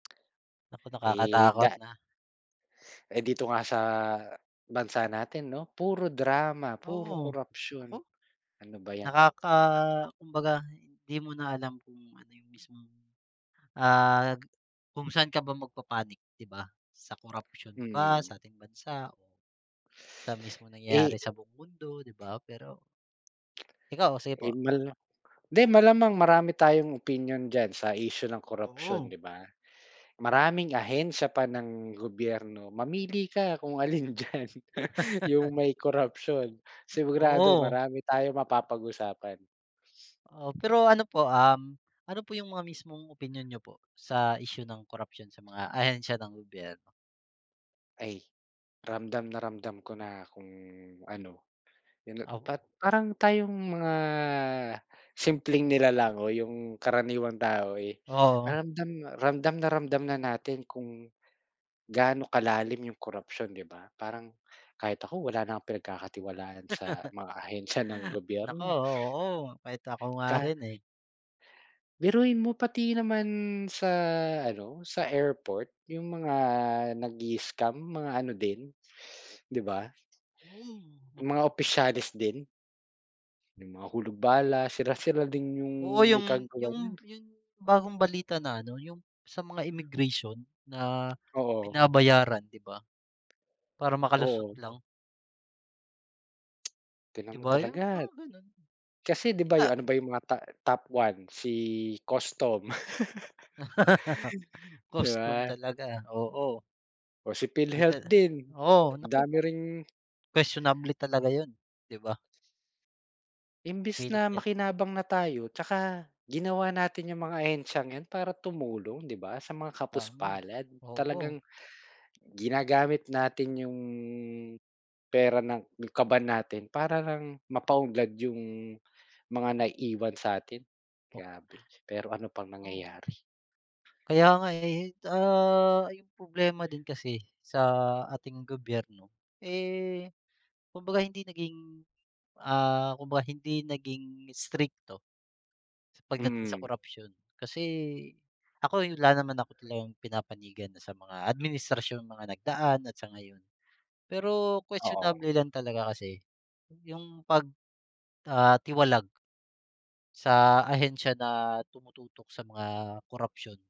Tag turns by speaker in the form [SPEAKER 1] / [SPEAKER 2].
[SPEAKER 1] Naku,
[SPEAKER 2] Eh,
[SPEAKER 1] nakakatakot
[SPEAKER 2] da
[SPEAKER 1] na.
[SPEAKER 2] Eh, dito nga sa bansa natin 'no, puro drama, puro
[SPEAKER 1] Oo,
[SPEAKER 2] korapsyon,
[SPEAKER 1] naku.
[SPEAKER 2] ano ba yan?
[SPEAKER 1] Nakaka kumbaga hindi mo na alam kung ano yung mismong, ah, kung saan ka ba magpapanik 'di ba, sa korapsyon ba,
[SPEAKER 2] Mm.
[SPEAKER 1] sa ating bansa, o sa mismong nangyayari
[SPEAKER 2] Eh
[SPEAKER 1] sa buong mundo, 'di ba, pero Ikaw, sige po.
[SPEAKER 2] Eh, mal di malamang marami tayong opinyon diyan sa isyu ng korapsyon,
[SPEAKER 1] Oo.
[SPEAKER 2] 'di ba? Maraming ahensya pa ng gobyerno, mamili ka kung alin diyan yung may korapsyon, sigurado
[SPEAKER 1] Oo.
[SPEAKER 2] marami tayong mapapag-usapan.
[SPEAKER 1] Oo, pero ano po, um, ano po yung mga mismong opinyon niyo po, sa isyu ng korapsiyon sa mga ahensiya ng gobyerno?
[SPEAKER 2] Ay ramdam na ramdam ko na kung ano, yun
[SPEAKER 1] Op
[SPEAKER 2] pat parang tayong mga simpleng nilalang o yung karaniwang tao, eh,
[SPEAKER 1] Oo.
[SPEAKER 2] ramdam, ramdam na ramdam na natin kung gaano kalalim yung korapsiyon 'di ba, parang kahit ako wala na pinagkakatiwalaan sa mga ahensiya ng
[SPEAKER 1] Naku,
[SPEAKER 2] gobyerno.
[SPEAKER 1] oo, kahit ko nga
[SPEAKER 2] Ka
[SPEAKER 1] rin, eh.
[SPEAKER 2] Biruin mo pati naman sa ano, sa airport yung mga nag-i-scam mga ano din, 'di ba?
[SPEAKER 1] Hmm, naku.
[SPEAKER 2] Mga opisyales din. Yung mga hulog bala, sila-sila din yung
[SPEAKER 1] Oo
[SPEAKER 2] may
[SPEAKER 1] yung
[SPEAKER 2] kagagawan
[SPEAKER 1] yung
[SPEAKER 2] niyan.
[SPEAKER 1] yung bagong balita na ano, yung sa mga immigration na
[SPEAKER 2] Oo.
[SPEAKER 1] binabayaran, 'di ba? Para makalusot
[SPEAKER 2] Oo.
[SPEAKER 1] lang.
[SPEAKER 2] Tingnan
[SPEAKER 1] 'Di
[SPEAKER 2] mo
[SPEAKER 1] ba yung
[SPEAKER 2] talaga,
[SPEAKER 1] mga ganun.
[SPEAKER 2] kasi 'di ba yung
[SPEAKER 1] Sa
[SPEAKER 2] ano ba yung mga ta top one si custom. 'Di
[SPEAKER 1] Custom
[SPEAKER 2] ba?
[SPEAKER 1] talaga, oo.
[SPEAKER 2] O si
[SPEAKER 1] 'Di
[SPEAKER 2] PhilHealth
[SPEAKER 1] tala
[SPEAKER 2] din,
[SPEAKER 1] oo,
[SPEAKER 2] ang
[SPEAKER 1] naku.
[SPEAKER 2] dami ring
[SPEAKER 1] Kuwestiyonable talaga yun, 'di ba?
[SPEAKER 2] Imbes
[SPEAKER 1] Well
[SPEAKER 2] na
[SPEAKER 1] said.
[SPEAKER 2] makinabang na tayo, 'tsaka ginawa natin yung mga ahensyang 'yan para tumulong 'di ba, sa mga
[SPEAKER 1] Tama,
[SPEAKER 2] kapus-palad
[SPEAKER 1] oo.
[SPEAKER 2] talagang ginagamit natin 'yong pera ng, kaban natin para lang mapa-unlad yung mga naiwan sa'tin.
[SPEAKER 1] O
[SPEAKER 2] Grabe pero ano bang
[SPEAKER 1] Oo.
[SPEAKER 2] nangyayari.
[SPEAKER 1] Kaya nga, eh, ah, yung problema din kasi, sa ating gobyerno, eh, kumbaga hindi naging, ah, kumbaga hindi naging strikto pagdating sa
[SPEAKER 2] Mm.
[SPEAKER 1] korapsyon, kasi ako'y wala naman ako talagang pinapanigan na sa mga administrasyong mga nagdaan at sa ngayon, pero
[SPEAKER 2] Oo.
[SPEAKER 1] questionable lang talaga kasi yung pag, ah, tiwalag sa ahensya na tumututok sa mga korapsyon.